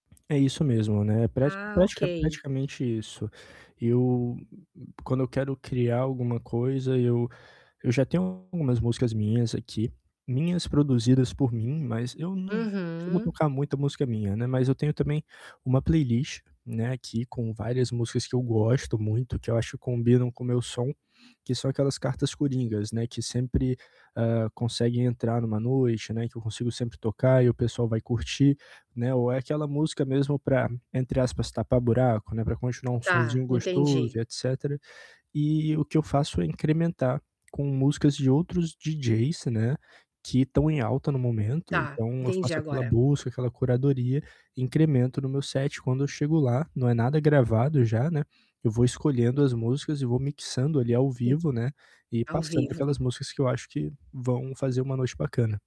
É isso mesmo, né, pratica Ah, pratica ok. praticamente isso. Eu, quando eu quero criar alguma coisa, eu eu já tenho algumas músicas minhas aqui, minhas produzidas por mim, mas eu não não costumo Uhum. tocar muita música minha, né. Mas eu tenho também uma playlist, né, aqui com várias músicas que eu gosto muito, que eu acho que combinam com o meu som, que são aquelas cartas coringas, né, que sempre, hã, conseguem entrar em uma noite, né, que eu consigo sempre tocar e o pessoal vai curtir, né. Ou é aquela música mesmo para, entre aspas, "tapar buraco", né, pra continuar um Tá, sonzinho gostoso entendi. e etcétera. E o que eu faço é incrementar com músicas de outros DJs, né, que estão em alta no momento. Tá, Então eu entendi faço aquela agora. busca, aquela curadoria, incremento no meu set. Quando eu chego lá, não é nada gravado já, né, eu vou escolhendo as músicas e vou mixando ali ao In vivo, né, e Ao passando vivo. aquelas músicas que eu acho que vão fazer uma noite bacana.